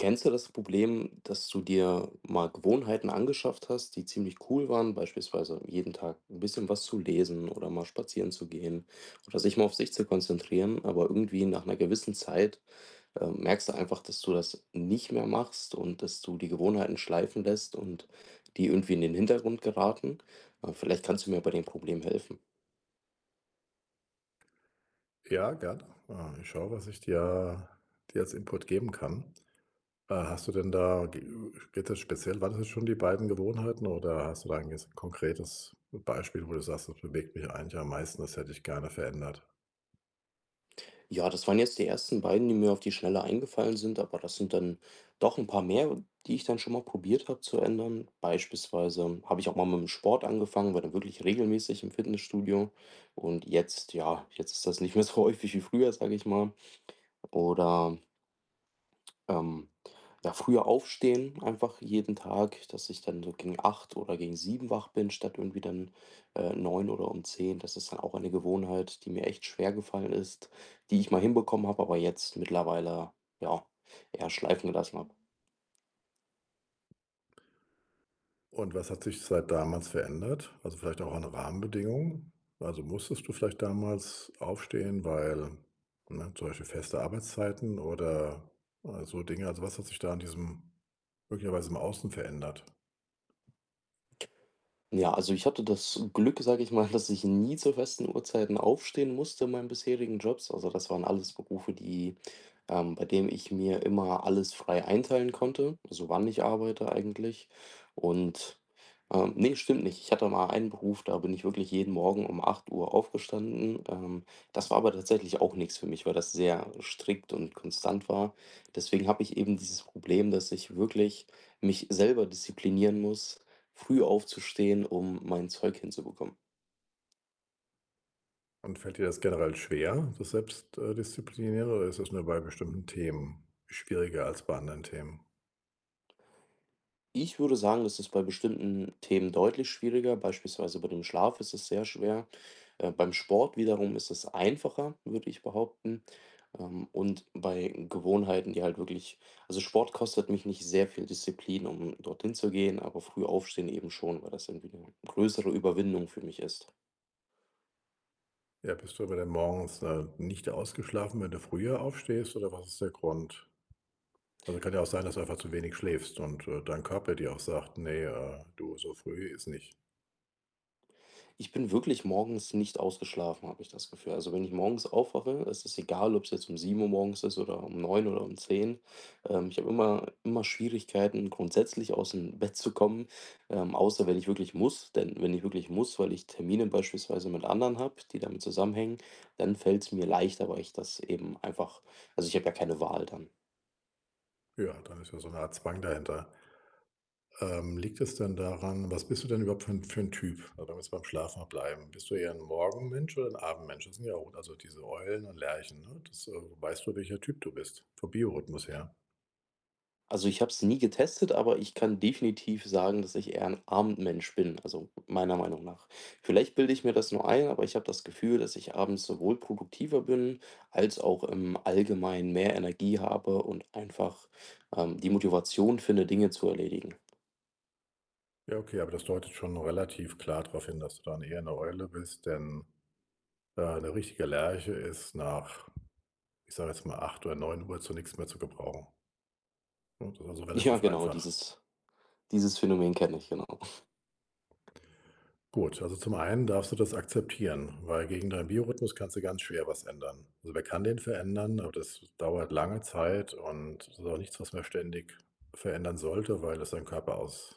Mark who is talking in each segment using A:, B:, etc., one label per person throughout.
A: Kennst du das Problem, dass du dir mal Gewohnheiten angeschafft hast, die ziemlich cool waren, beispielsweise jeden Tag 'n bisschen was zu lesen oder mal spazieren zu gehen oder sich mal auf sich zu konzentrieren, aber irgendwie nach 'ner gewissen Zeit, äh, merkst du einfach, dass du das nicht mehr machst und dass du die Gewohnheiten schleifen lässt und die irgendwie in den Hintergrund geraten? Äh, vielleicht kannst du mir bei dem Problem helfen.
B: Ja, gerne. Ah, ich schaue, was ich dir dir als Input geben kann. Äh, hast du denn da, ge geht das speziell waren das schon die beiden Gewohnheiten? Oder hast du da ein ges konkretes Beispiel, wo du sagst: „Das bewegt mich eigentlich am meisten, das hätte ich gerne verändert?“
A: Ja, das waren jetzt die ersten beiden, die mir auf die Schnelle eingefallen sind. Aber das sind dann doch 'n paar mehr, die ich dann schon mal probiert habe zu ändern. Beispielsweise habe ich auch mal mit dem Sport angefangen, war dann wirklich regelmäßig im Fitnessstudio. Und jetzt ja jetzt ist das nicht mehr so häufig wie früher, sage ich mal. Oder ähm, ja früher aufstehen einfach jeden Tag, dass ich dann so gegen 8 oder gegen 7 wach bin, statt irgendwie dann, äh, 9 oder um 10. Das ist dann auch eine Gewohnheit, die mir echt schwer gefallen ist, die ich mal hinbekommen habe, aber jetzt mittlerweile, ja, eher schleifen gelassen habe.
B: Und was hat sich seit damals verändert? Also vielleicht auch an den Rahmenbedingungen? Also, musstest du vielleicht damals aufstehen, weil, ne zum Beispiel feste Arbeitszeiten oder, äh, so Dinge. Also, was hat sich da an diesem möglicherweise im Außen verändert?
A: Ja. Also, ich hatte das Glück, sage ich mal, dass ich nie zu festen Uhrzeiten aufstehen musste in meinen bisherigen Jobs. Also, das waren alles Berufe, die, ähm bei dem ich mir immer alles frei einteilen konnte, so wann ich arbeite eigentlich und, ähm ne, stimmt nicht. Ich hatte mal einen Beruf, da bin ich wirklich jeden Morgen um 8 aufgestanden. Ähm, das war aber tatsächlich auch nix für mich, weil das sehr strikt und konstant war. Deswegen habe ich eben dieses Problem, dass ich wirklich mich selber disziplinieren muss, früh aufzustehen, um mein Zeug hinzubekommen.
B: Und fällt dir das generell schwer, das Selbst äh, Disziplinäre oder ist das nur bei bestimmten Themen schwieriger als bei anderen Themen?
A: Ich würde sagen, das ist bei bestimmten Themen deutlich schwieriger. Beispielsweise bei dem Schlaf ist es sehr schwer. Äh, beim Sport wiederum ist es einfacher, würde ich behaupten. Ähm, und bei Gewohnheiten, die halt wirklich also Sport kostet mich nicht sehr viel Disziplin, um dorthin zu gehen, aber früh Aufstehen eben schon, weil das irgendwie 'ne größere Überwindung für mich ist.
B: Ja. Bist du aber denn morgens, äh, nicht ausgeschlafen, wenn du früher aufstehst, oder was ist der Grund? Also, kann ja auch sein, dass du einfach zu wenig schläfst. Und, äh, dein Körper dir auch sagt: „Ne, äh, du so früh ist nicht.“
A: Ich bin wirklich morgens nicht ausgeschlafen, habe ich das Gefühl. Also, wenn ich morgens aufwache, ist es egal, ob es jetzt um 7:00 morgens ist oder um 9:00 oder um 10. Ähm, ich habe immer immer Schwierigkeiten, grundsätzlich aus dem Bett zu kommen, ähm, außer wenn ich wirklich muss, denn wenn ich wirklich muss, weil ich Termine beispielsweise mit anderen habe, die damit zusammenhängen, dann fällt's mir leichter, weil ich das eben einfach also ich habe ja keine Wahl dann.
B: Ja, dann ist ja so 'ne Art Zwang dahinter. Ähm, liegt es denn daran was bist du denn überhaupt für 'n für 'n Typ? Oder lass beim Schlafen mal bleiben. Bist du eher 'n Morgenmensch oder 'n Abendmensch? Das sind ja un also diese Eulen und Lerchen, ne, das, äh weißt du, welcher Typ du bist vom Biorhythmus her?
A: Also, ich habe es nie getestet, aber ich kann definitiv sagen, dass ich eher 'n Abendmensch bin. Also meiner Meinung nach. Vielleicht bilde ich mir das nur ein, aber ich habe das Gefühl, dass ich abends sowohl produktiver bin als auch im Allgemeinen mehr Energie habe und einfach, ähm, die Motivation finde, Dinge zu erledigen.
B: Ja, okay, aber das deutet schon relativ klar darauf hin, dass du dann eher 'ne Eule bist, denn, äh, 'ne richtige Lerche ist nach, ich sage jetzt mal 8 oder 9 zu nix mehr zu gebrauchen. Und oder so
A: Ja,
B: relativ
A: genau,
B: einfach.
A: dieses dieses Phänomen kenne ich, genau.
B: Gut. Also zum einen darfst du das akzeptieren, weil gegen deinen Biorhythmus kannst du ganz schwer was ändern. Also, man kann den verändern, aber das dauert lange Zeit. Und das ist auch nichts, was man ständig verändern sollte, weil es deinen Körper aus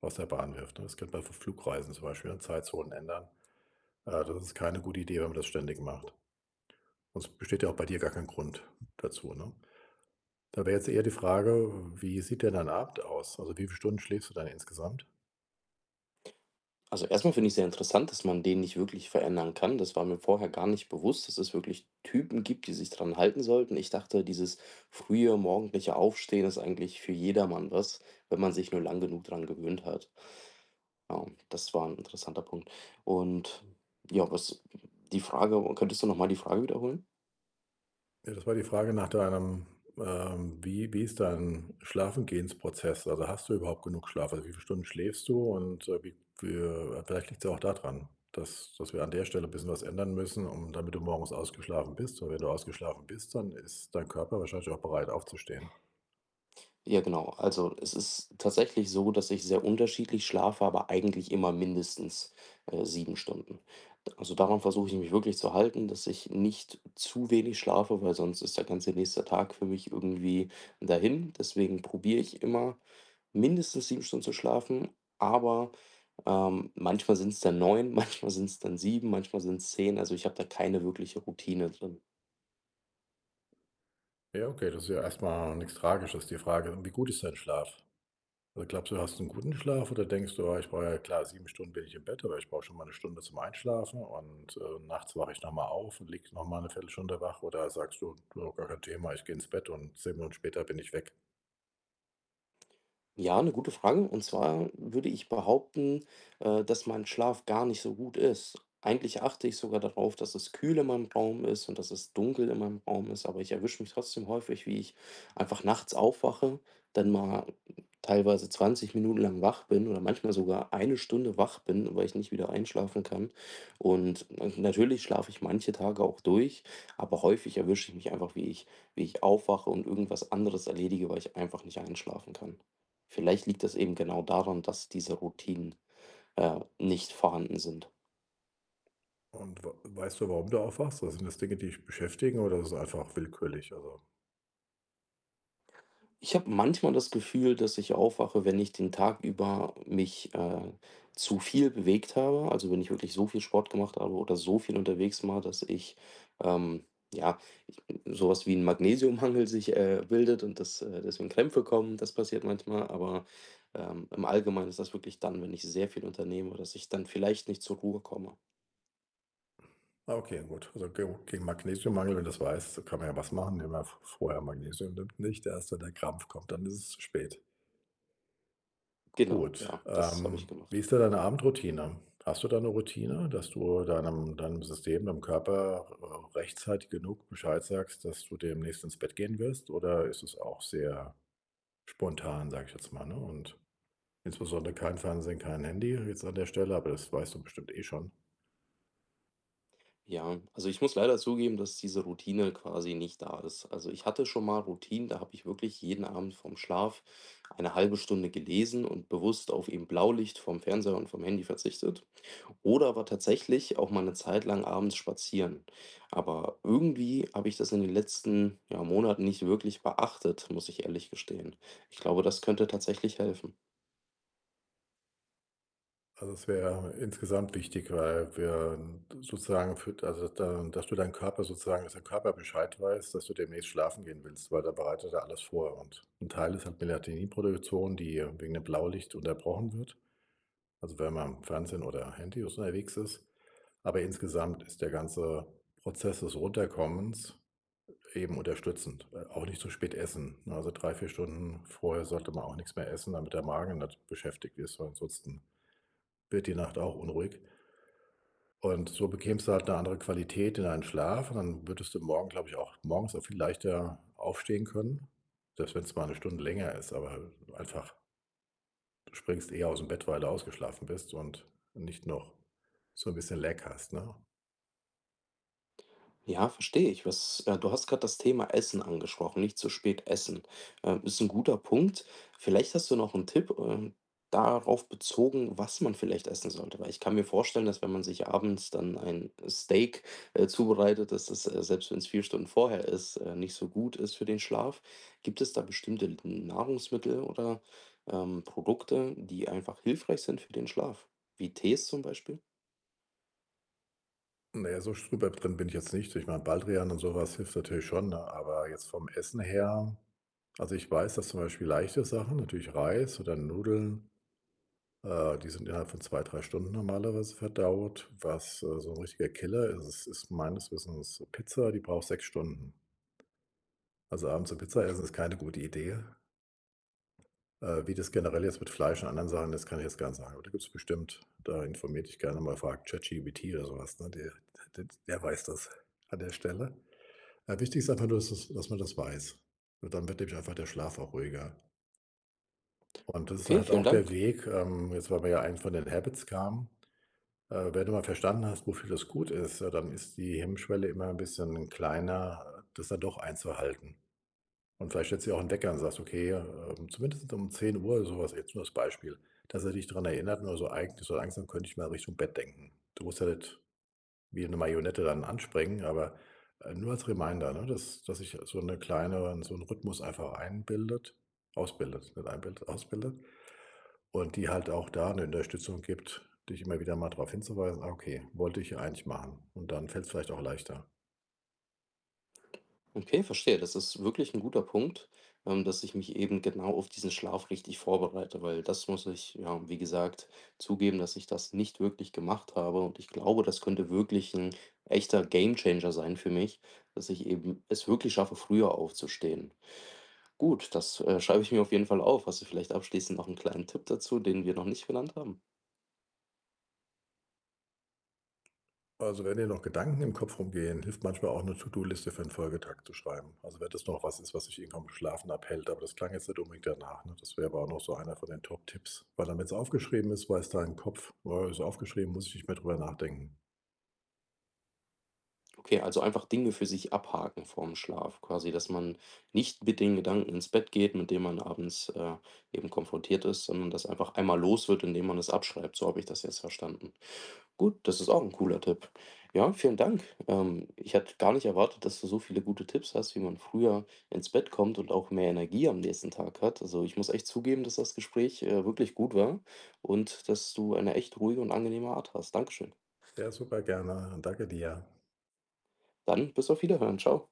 B: aus der Bahn wirft, ne? Es gibt bei Fl Flugreisen zum Beispiel dann Zeitzonen ändern. Ah, das ist keine gute Idee, wenn man das ständig macht. Und es besteht ja auch bei dir gar kein Grund dazu, ne? Da wäre jetzt eher die Frage, wie sieht denn dein Abend aus? Also, wie viele Stunden schläfst du dann insgesamt?
A: Also, erstmal finde ich sehr interessant, dass man den nicht wirklich verändern kann. Das war mir vorher gar nicht bewusst, dass es wirklich Typen gibt, die sich dran halten sollten. Ich dachte, dieses frühe morgendliche Aufstehen ist eigentlich für jedermann was, wenn man sich nur lange genug dran gewöhnt hat. Ja, und das war 'n interessanter Punkt. Und ja, was die Frage, könntest du nochmal die Frage wiederholen?
B: Ja, das war die Frage nach deinem, ähm, wie wie ist dein Schlafengehens-Prozess? Also hast du überhaupt genug Schlaf? Also wie viele Stunden schläfst du? Und, äh, wie viel vielleicht liegt's ja auch da dran, dass dass wir an der Stelle 'n bisschen was ändern müssen, um damit du morgens ausgeschlafen bist. Und wenn du ausgeschlafen bist, dann ist dein Körper wahrscheinlich auch bereit, aufzustehen.
A: Ja, genau. Also, es ist tatsächlich so, dass ich sehr unterschiedlich schlafe, aber eigentlich immer mindestens, äh, 7 Stunden. D also, daran versuche ich mich wirklich zu halten, dass ich nicht zu wenig schlafe, weil sonst ist der ganze nächste Tag für mich irgendwie dahin. Deswegen probiere ich immer mindestens 7 Stunden zu schlafen. Aber, ähm, manchmal sind's dann 9, manchmal sind's dann 7, manchmal sind's 10. Also, ich habe da keine wirkliche Routine drin.
B: Ja, okay das ist ja erstmal nix Tragisches, die Frage: Wie gut ist dein Schlaf? Oder glaubst du, hast du 'n guten Schlaf, oder denkst du: „Ja ich brauche ja klar, 7 Stunden bin ich im Bett. Aber ich brauche schon mal 'ne Stunde zum Einschlafen und, äh, nachts wache ich noch mal auf und liege nochmal 1/4 Stunde wach.“ Oder sagst du: „Nö gar kein Thema. Ich gehe ins Bett und 10 Minuten später bin ich weg.“
A: Ja, 'ne gute Frage. Und zwar würde ich behaupten, äh, dass mein Schlaf gar nicht so gut ist. Eigentlich achte ich sogar darauf, dass es kühl in meinem Raum ist und dass es dunkel in meinem Raum ist. Aber ich erwische mich trotzdem häufig, wie ich einfach nachts aufwache, dann mal teilweise 20 Minuten lang wach bin oder manchmal sogar 1 Stunde wach bin, weil ich nicht wieder einschlafen kann. Und na natürlich schlafe ich manche Tage auch durch, aber häufig erwische ich mich einfach, wie ich wie ich aufwache und irgendwas anderes erledige, weil ich einfach nicht einschlafen kann. Vielleicht liegt es eben genau daran, dass diese Routinen, äh, nicht vorhanden sind.
B: Und w weißt du, warum du aufwachst, also sind das Dinge, die dich beschäftigen, oder ist das einfach willkürlich? Also
A: Ich habe manchmal das Gefühl, dass ich aufwache, wenn ich den Tag über mich, äh, zu viel bewegt habe. Also, wenn ich wirklich so viel Sport gemacht habe oder so viel unterwegs war, dass ich, ähm, ja, ich bin, sowas wie 'n Magnesiummangel sich, äh, bildet und dass deswegen Krämpfe kommen, das passiert manchmal. Aber, ähm, im Allgemeinen ist das wirklich dann, wenn ich sehr viel unternehme, dass ich dann vielleicht nicht zur Ruhe komme.
B: Ah okay, dann gut. Also geo gegen Magnesium-Mangel, wenn du 's weißt, kann man ja was machen. Wenn man v vorher Magnesium nimmt, nicht erst, wenn der Krampf kommt, dann ist es zu spät.
A: Genau,
B: Gut.
A: ja, das habe ich
B: Ähm, wie
A: gemacht.
B: ist denn deine Abendroutine? Hast du da 'ne Routine, dass du deinem deinem System deinem Körper, äh, rechtzeitig genug Bescheid sagst, dass du demnächst ins Bett gehen wirst oder ist es auch sehr spontan, sage ich jetzt mal, ne? Und, insbesondere kein Fernsehen, kein Handy jetzt an der Stelle, aber, das weißt du bestimmt eh schon.
A: Ja. Also, ich muss leider zugeben, dass diese Routine quasi nicht da ist. Also, ich hatte schon mal Routinen, da habe ich wirklich jeden Abend vor 'm Schlaf eine 1/2 Stunde gelesen und bewusst auf eben Blaulicht vom Fernseher und vom Handy verzichtet. Oder war tatsächlich auch mal 'ne Zeit lang abends spazieren. Aber irgendwie habe ich das in den letzten ja, Monaten nicht wirklich beachtet, muss ich ehrlich gestehen. Ich glaube, das könnte tatsächlich helfen.
B: Also, das wäre insgesamt wichtig, weil wir sozusagen für da da dass du deinen Körper sozusagen, dass dein Körper Bescheid weiß, dass du demnächst schlafen gehen willst, weil da bereitet er alles vor und 'n Teil ist halt Melatonin-Produktion, die wegen dem Blaulicht unterbrochen wird. Also, wenn man am Fernsehen oder Handy unterwegs ist. Aber, insgesamt ist der ganze Prozess des Runterkommens eben unterstützend äh, auch nicht zu spät essen, ne? Also 3, 4 Stunden vorher sollte man auch nix mehr essen, damit der Magen nicht beschäftigt ist, weil ansonsten wird die Nacht auch unruhig und so bekämst du halt 'ne andere Qualität in deinen Schlaf und dann würdest du morgen, glaube ich auch morgens auch viel leichter aufstehen können, selbst wenn es mal 'ne Stunde länger ist, aber, äh, einfach. Du springst eher aus dem Bett, weil du ausgeschlafen bist und nicht noch so 'n bisschen Lag hast, ne?
A: Ja, verstehe ich. Was äh, du hast grad das Thema Essen angesprochen. Nicht zu spät essen. Ähm, ist 'n guter Punkt. Vielleicht hast du noch 'n Tipp, ähm, darauf bezogen, was man vielleicht essen sollte, weil ich kann mir vorstellen, dass wenn man sich abends dann ein Steak, äh, zubereitet, dass es, äh, selbst wenn es 4 Stunden vorher ist, äh, nicht so gut ist für den Schlaf. Gibt es da bestimmte N Nahrungsmittel oder, ähm, Produkte, die einfach hilfreich sind für den Schlaf wie Tees zum Beispiel?
B: Ne, so super drin bin ich jetzt nicht. Ich meine, Baldrian und sowas hilft natürlich schon, ne Aber jetzt vom Essen her also, ich weiß, dass zum Beispiel leichte Sachen natürlich Reis oder Nudeln äh, die sind innerhalb von 2, 3 Stunden normalerweise verdaut. Was, äh, so ein richtiger Killer ist, ist meines Wissens Pizza, die braucht 6 Stunden. Also, abends 'ne Pizza
A: Okay.
B: essen ist keine gute Idee. Äh, wie das generell jetzt mit Fleisch und anderen Sachen ist, kann ich jetzt gar nicht sagen. Aber da gibt es bestimmt da informiere dich gerne mal. Frag ChatGPT oder sowas, ne, d d der weiß das an der Stelle. Äh, wichtig ist einfach nur, dass du es dass man das weiß. Und dann wird nämlich einfach der Schlaf auch ruhiger. Und das ist
A: Okay,
B: halt
A: vielen
B: auch der
A: Dank.
B: Weg, ähm, jetzt, weil wir ja eigentlich von den Habits kamen. Äh, wenn du mal verstanden hast, wofür das gut ist, ja dann ist die Hemmschwelle immer 'n bisschen kleiner, das dann doch einzuhalten. Und vielleicht stellst du dir auch 'nen Wecker und sagt: „Okay, ähm, zumindest um 10:00 oder sowas“. Jetzt nur als Beispiel, dass er dich daran erinnert. Nur so eig so langsam könnte ich mal Richtung Bett denken. Du musst ja nicht wie 'ne Marionette dann anspringen. Aber, äh, nur als Reminder, ne, dass dass sich so 'ne kleine so 'n Rhythmus einfach einbildet ausbildet, nicht einbildet, ausbildet. Und die halt auch da 'ne Unterstützung gibt, dich immer wieder mal darauf hinzuweisen: „Ah, okay, wollte ich eigentlich machen“. Und dann fällt es vielleicht auch leichter.
A: Okay, verstehe. Das ist wirklich 'n guter Punkt, ähm, dass ich mich eben genau auf diesen Schlaf richtig vorbereite, weil das muss ich ja, wie gesagt zugeben, dass ich das nicht wirklich gemacht habe. Und ich glaube, das könnte wirklich 'n echter Gamechanger sein für mich, dass ich eben es wirklich schaffe, früher aufzustehen. Gut, das, äh, schreibe ich mir auf jeden Fall auf. Hast du vielleicht abschließend noch 'n kleinen Tipp dazu, den wir noch nicht genannt haben?
B: Also, wenn dir noch Gedanken im Kopf rumgehen, hilft manchmal auch 'ne To-do-Liste für 'n Folgetag zu schreiben. Also, wenn das noch was ist, was dich eh vom Schlafen abhält. Aber das klang jetzt nicht unbedingt danach, ne, das wäre aber auch noch so einer von den Top Tipps, weil damit's aufgeschrieben ist, weiß dein Kopf: „Äh, ist aufgeschrieben, muss ich nicht mehr drüber nachdenken.“
A: Okay, also einfach Dinge für sich abhaken vorm Schlaf quasi, dass man nicht mit den Gedanken ins Bett geht, mit denen man abends, äh, eben konfrontiert ist, sondern das einfach einmal los wird, indem man es abschreibt, so habe ich das jetzt verstanden. Gut, das ist auch ein cooler Tipp. Ja, vielen Dank. Ähm, ich hatte gar nicht erwartet, dass du so viele gute Tipps hast, wie man früher ins Bett kommt und auch mehr Energie am nächsten Tag hat. Also, ich muss echt zugeben, dass das Gespräch, äh, wirklich gut war und dass du eine echt ruhige und angenehme Art hast. Danke schön.
B: Ja, super, gerne. Danke dir.
A: Dann bis auf Wiederhören. Tschau.